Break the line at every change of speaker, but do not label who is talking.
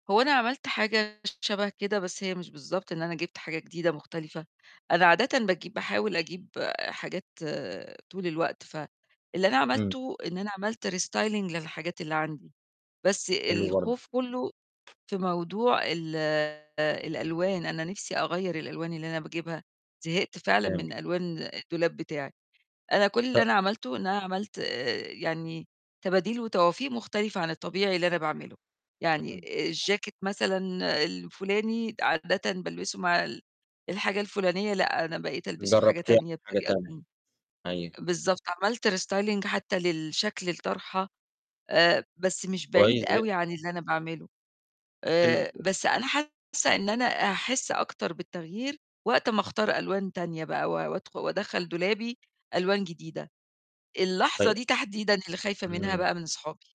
هو أنا عملت حاجة شَبه كده، بس هي مش بالضبط إن أنا جبت حاجة جديدة مختلفة، أنا عادةً باجيب باحاول أجيب آآ حاجات طول الوقت، فاللي أنا
إمم.
عملته إن أنا عملت restyling للحاجات اللي عندي، بس
حلو برضه.
الخوف كُلّه في موضوع ال الألوان، أنا نِفْسي أغيّر الألوان اللي أنا باجيبها، زهقت فعلًا من
[unintelligible]
ألوان الدولاب بتاعي. أنا كل اللي
ط
أنا عملته إن أنا عملت آآ يعني تباديل وتوافيق مختلفة عن الطبيعي اللي أنا باعمله. يعني
إمم.
الجاكيت مثلًا الفُلاني عادةً بالبسه مع ال الحاجة الفُلانية لأ، أنا بقيت ألبسه في حاجة
جرّبت [unintelligible]
تانية
حاجة
بطريقة
تانية،
تانية.
أيوه.
بالضبط، عملت restyling حتّى للشكل الطرحة، آآ بس مش بعيد
كويس ج
أوي عن اللي أنا باعمله.
حلو.
آآ بس أنا حاسّة إن أنا هاحس أكتر بالتغيير وقت ما أختار ألوان تانية بقى و وأدخـُ وأدَخَّل دولابي ألوان جديدة، اللحظة
طي
دي تحديدًا اللي خايفة منها
إمم.
بقى من صحابي.